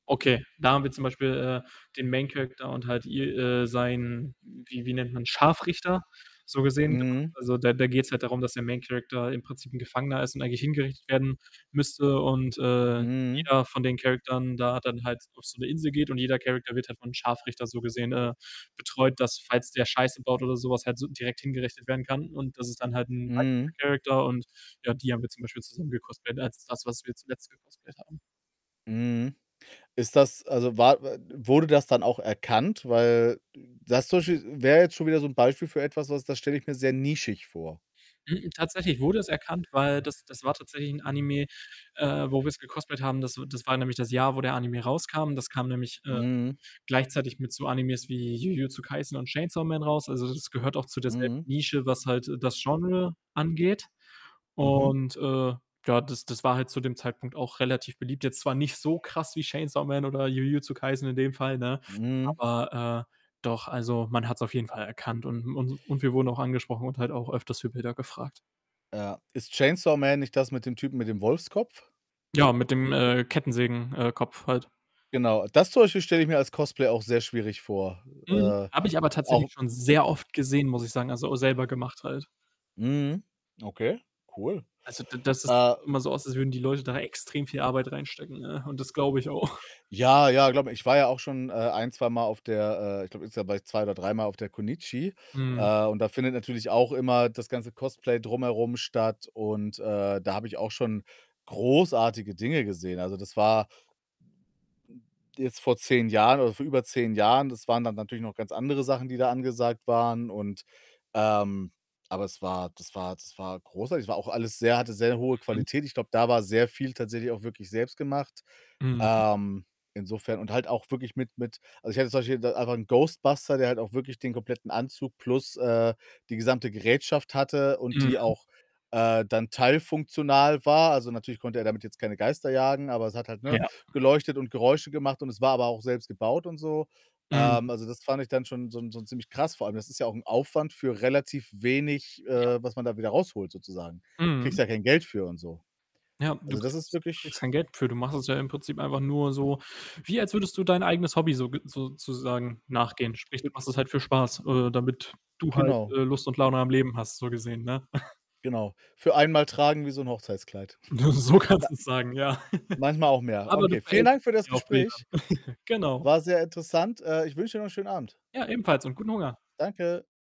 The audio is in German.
Okay, da haben wir zum Beispiel, äh, den Main Character und halt i äh, sein wie wie nennt man Scharfrichter, so gesehen gemacht. Mhm. Also, da da geht‘s halt darum, dass der Main Character im Prinzip 'n Gefangener ist und eigentlich hingerichtet werden müsste und, äh, Mhm. jeder von den Charakteren da dann halt auf so 'ne Insel geht und jeder Character wird halt vom Scharfrichter so gesehen, äh, betreut, dass falls der Scheiße baut oder so was, halt direkt hingerichtet werden kann und das ist dann halt 'n weiblicher Mhm. Character und ja, die haben wir zum Beispiel zusammen gecosplayed, als das, was wir zuletzt gecosplayed haben. Mhm. Ist das also, war w wurde das dann auch erkannt? Weil das zum Beispiel wär jetzt schon wieder so 'n Beispiel für etwas, was, das stelle ich mir sehr nischig vor. Mh mh, tatsächlich wurde es erkannt, weil das das war tatsächlich 'n Anime, äh, wo wir‘s gecosplayed haben das w das war nämlich das Jahr, wo der Anime rauskam. Das kam nämlich, äh, Mhm. gleichzeitig mit so Animes wie Jujutsu Kaisen und Chainsaw Man raus, also, das gehört auch zu derselben Mhm. Nische, was halt, äh, das Genre angeht Mhm. und, äh, ja, das das war halt zu dem Zeitpunkt auch relativ beliebt. Jetzt zwar nicht so krass wie Chainsaw Man oder Jujutsu Kaisen in dem Fall, ne, Mhm. aber, äh, doch, also, man hat‘s auf jeden Fall erkannt und und und wir wurden auch angesprochen und halt auch öfters für Bilder gefragt. Ja, ist „Chainsaw Man” nicht das mit dem Typen mit dem Wolfskopf? Ja, mit dem, äh, Kettensägen äh, Kopf halt. Genau, das zum Beispiel stelle ich mir als Cosplay auch sehr schwierig vor. Mhm, Äh, habe ich aber auch tatsächlich schon sehr oft gesehen, muss ich sagen, also, auch selber gemacht halt. Mhm, okay, cool. Also d das sieht Äh doch immer so aus, als würden die Leute da extrem viel Arbeit reinstecken, ne, und das glaube ich auch. Ja, ja, glaube mir, ich war ja auch schon, äh, ein zweimal auf der, äh ich glaube insgesamt war ich 2 oder dreimal auf der Connichi. Mhm. Äh, und da findet natürlich auch immer das ganze Cosplay drumherum statt und, äh, da habe ich auch schon großartige Dinge gesehen, also das war jetzt vor 10 Jahren oder vor über 10 Jahren, das waren dann natürlich noch ganz andere Sachen, die da angesagt waren und, ähm aber es war das war das war großartig. Es war auch alles sehr hatte sehr hohe Mhm. Qualität. Ich glaube, da war sehr viel tatsächlich auch wirklich selbst gemacht. Mhm. Ähm, insofern und halt auch wirklich mit mit also, ich hatte zum Beispiel da einfach 'n Ghostbuster, der halt auch wirklich den kompletten Anzug plus, äh, die gesamte Gerätschaft hatte und die Mhm. auch, äh, dann teilfunktional war. Also, natürlich konnte er damit jetzt keine Geister jagen, aber es hat halt, ne, Ja. geleuchtet und Geräusche gemacht und es war aber auch selbst gebaut und so. Mhm. Ähm, also, das fand ich dann schon so so ziemlich krass. Vor allem, das ist ja auch 'n Aufwand für relativ wenig, Ja. äh, was man da wieder rausholt sozusagen. Kriegst Mhm. ja kein Geld für und so. Ja, du Also, das ist kriegst du kriegst wirklich kein Geld dafür. Du machst es ja im Prinzip einfach nur so wie als würdest du dein eigenes Hobby soge sozusagen nachgehen. Sprich, du Hübsch. machst es halt für Spaß, äh, damit du halt, Genau. äh, Lust und Laune am Leben hast, so gesehen, ne? Genau. Für einmal tragen, wie so 'n Hochzeitskleid. So Wa kannst du's sagen, ja. Manchmal auch mehr, Aber du okay. Vielen Dank verewigst für dich das ja auf Bildern. Gespräch. Genau. War sehr interessant. Äh, ich wünsche dir noch 'n schönen Abend. Ja, ebenfalls und guten Hunger. Danke.